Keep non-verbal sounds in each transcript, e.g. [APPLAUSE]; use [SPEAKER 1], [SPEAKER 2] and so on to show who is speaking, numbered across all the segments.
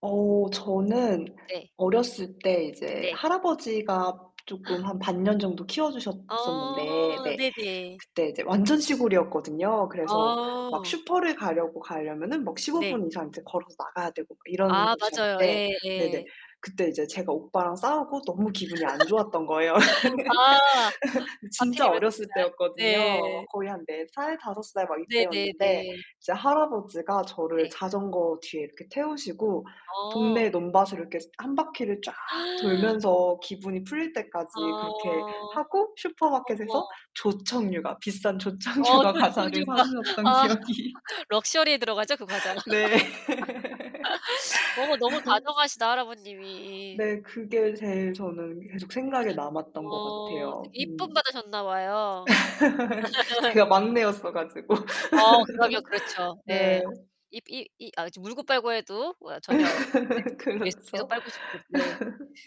[SPEAKER 1] 어, 저는
[SPEAKER 2] 네.
[SPEAKER 1] 어렸을 때 이제
[SPEAKER 2] 네.
[SPEAKER 1] 할아버지가 쪼끔
[SPEAKER 2] [GASPS]
[SPEAKER 1] 한 반 년 정도 키워
[SPEAKER 2] 어.
[SPEAKER 1] 주셨었는데 네.
[SPEAKER 2] 네네.
[SPEAKER 1] 그때 이제 완전 시골이었거든요. 그래서 막
[SPEAKER 2] 아.
[SPEAKER 1] 슈퍼를 가려고 가려면은 막 15
[SPEAKER 2] 네.
[SPEAKER 1] 분 이상 이제 걸어서 나가야 되고 그 이런
[SPEAKER 2] 아, 맞아요.
[SPEAKER 1] 곳이었는데
[SPEAKER 2] 예.
[SPEAKER 1] 네네.
[SPEAKER 2] 예.
[SPEAKER 1] 그때 인제 제가 오빠랑 싸우고 너무 기분이 안 좋았던 거예요.
[SPEAKER 2] [LAUGHS] 아
[SPEAKER 1] [LAUGHS] 진짜
[SPEAKER 2] 하필이면
[SPEAKER 1] 어렸을
[SPEAKER 2] 그날.
[SPEAKER 1] 때였거든요. 막
[SPEAKER 2] 네.
[SPEAKER 1] 거의 한 4 살, 5 살 막 이때였는데
[SPEAKER 2] 네네네.
[SPEAKER 1] 이제 할아버지가 저를
[SPEAKER 2] 네.
[SPEAKER 1] 자전거 뒤에 이렇게 태우시고
[SPEAKER 2] 어.
[SPEAKER 1] 동네 논밭을 이렇게 1 바퀴를 쫙
[SPEAKER 2] [GASPS]
[SPEAKER 1] 돌면서 기분이 풀릴
[SPEAKER 2] 아,
[SPEAKER 1] 때까지 그렇게 하고 슈퍼마켓에서
[SPEAKER 2] 어머.
[SPEAKER 1] 조청유과, 비싼
[SPEAKER 2] 어,
[SPEAKER 1] 조청유과 과자를 사
[SPEAKER 2] 조청유과.
[SPEAKER 1] 주셨던
[SPEAKER 2] 아,
[SPEAKER 1] 기억이
[SPEAKER 2] [LAUGHS] 럭셔리에 들어가죠? 그 과자.
[SPEAKER 1] 네.
[SPEAKER 2] [LAUGHS] 어머 너무
[SPEAKER 1] [LAUGHS]
[SPEAKER 2] 다정하시다, 할아버님이.
[SPEAKER 1] 네, 그게 제일 저는 계속 생각에 남았던 것
[SPEAKER 2] 어.
[SPEAKER 1] 같아요.
[SPEAKER 2] 되게 이쁨
[SPEAKER 1] 음.
[SPEAKER 2] 받아셨나 봐요.
[SPEAKER 1] [LAUGHS]
[SPEAKER 2] [LAUGHS]
[SPEAKER 1] 제가 막내였어 가지고.
[SPEAKER 2] 아, 그러면
[SPEAKER 1] [LAUGHS]
[SPEAKER 2] 그렇죠. 예.
[SPEAKER 1] 네.
[SPEAKER 2] 입 이 이 아 그쵸, 물고 빨고 해도 우와, 전혀 네.
[SPEAKER 1] [LAUGHS]
[SPEAKER 2] 계속, 계속
[SPEAKER 1] 그렇죠.
[SPEAKER 2] 빨고 싶은. 네.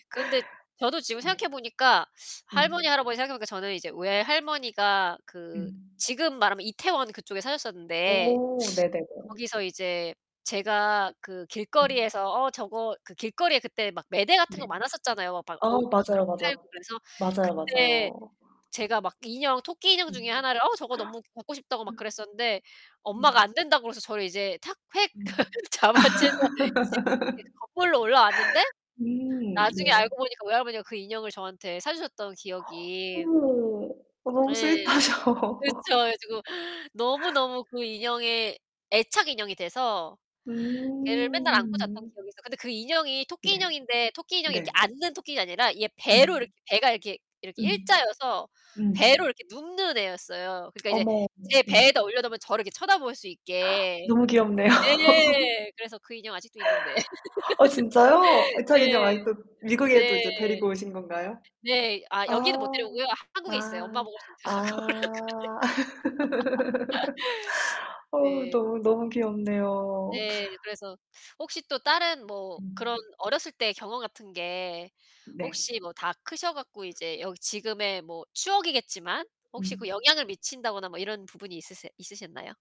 [SPEAKER 2] 그런데 저도
[SPEAKER 1] [LAUGHS]
[SPEAKER 2] 지금
[SPEAKER 1] 네.
[SPEAKER 2] 생각해 보니까 할머니
[SPEAKER 1] 음.
[SPEAKER 2] 할아버지 생각해 보니까 저는 이제 외할머니가 그
[SPEAKER 1] 음.
[SPEAKER 2] 지금 말하면 이태원 그쪽에 사셨었는데
[SPEAKER 1] 오, 네네네.
[SPEAKER 2] [SNIFFS] 거기서 이제 제가 그
[SPEAKER 1] 음.
[SPEAKER 2] 길거리에서 "어, 저거" 그 길거리에 그때 막 매대 같은
[SPEAKER 1] 네.
[SPEAKER 2] 거 많았었잖아요. 막
[SPEAKER 1] 아
[SPEAKER 2] 옷 막 그런
[SPEAKER 1] 맞아요,
[SPEAKER 2] 거 팔고
[SPEAKER 1] 맞아요.
[SPEAKER 2] 그래서
[SPEAKER 1] 맞아요,
[SPEAKER 2] 그때
[SPEAKER 1] 맞아요.
[SPEAKER 2] 제가 막 인형, 토끼 인형 중에
[SPEAKER 1] 음.
[SPEAKER 2] 하나를 "어, 저거 너무 갖고 싶다."고 막 그랬었는데 엄마가
[SPEAKER 1] 음.
[SPEAKER 2] 안 된다고 그래서 저를 이제 탁, 획
[SPEAKER 1] 음.
[SPEAKER 2] [LAUGHS] 잡아채서 집 예 그
[SPEAKER 1] [LAUGHS]
[SPEAKER 2] 거꾸로 올라왔는데
[SPEAKER 1] 음,
[SPEAKER 2] 나중에
[SPEAKER 1] 네.
[SPEAKER 2] 알고 보니까 외할머니가 그 인형을 저한테 사 주셨던
[SPEAKER 1] [GASPS]
[SPEAKER 2] 기억이.
[SPEAKER 1] 어머, 너무
[SPEAKER 2] 네.
[SPEAKER 1] 스위트하셔.
[SPEAKER 2] 그쵸.
[SPEAKER 1] [LAUGHS]
[SPEAKER 2] 그래 가지고 너무너무 그 인형에 애착 인형이 돼서 걔를 맨날 안고 잤던
[SPEAKER 1] 음.
[SPEAKER 2] 기억이 있어. 근데 그 인형이 토끼
[SPEAKER 1] 네.
[SPEAKER 2] 인형인데 토끼 인형이
[SPEAKER 1] 네.
[SPEAKER 2] 이렇게 앉는 토끼가 아니라 이게 배로
[SPEAKER 1] 음.
[SPEAKER 2] 이렇게 배가 이렇게 이렇게
[SPEAKER 1] 음.
[SPEAKER 2] 일자여서
[SPEAKER 1] 음.
[SPEAKER 2] 배로 이렇게 눕는 애였어요. 그러니까 이제
[SPEAKER 1] 어머, 어머.
[SPEAKER 2] 제
[SPEAKER 1] 음.
[SPEAKER 2] 배에다 올려놓으면 저를 이렇게 쳐다볼 수 있게.
[SPEAKER 1] 너무 귀엽네요. [LAUGHS]
[SPEAKER 2] 네, 그래서 그 인형 아직도 있는데.
[SPEAKER 1] 어, 진짜요?
[SPEAKER 2] [LAUGHS]
[SPEAKER 1] 애착 인형
[SPEAKER 2] 네.
[SPEAKER 1] 아직도 미국에 또 이제
[SPEAKER 2] 네.
[SPEAKER 1] 데리고 오신 건가요?
[SPEAKER 2] 네. 아,
[SPEAKER 1] 아.
[SPEAKER 2] 여기는 못 데려오고요. 한국에 있어요. 엄마
[SPEAKER 1] 아.
[SPEAKER 2] 보고 갖고 오라고
[SPEAKER 1] 아. [LAUGHS] 어우
[SPEAKER 2] 그래. [LAUGHS] 네.
[SPEAKER 1] 너무, 너무 귀엽네요.
[SPEAKER 2] 네. 그래서 혹시 또 다른 뭐 그런 어렸을 때 경험 같은 게
[SPEAKER 1] 네.
[SPEAKER 2] 혹시 뭐 다 크셔 갖고 이제 여기 지금의 뭐 추억이겠지만 혹시 그
[SPEAKER 1] 음.
[SPEAKER 2] 영향을 미친다거나 뭐 이런 부분이 있으세 있으셨나요?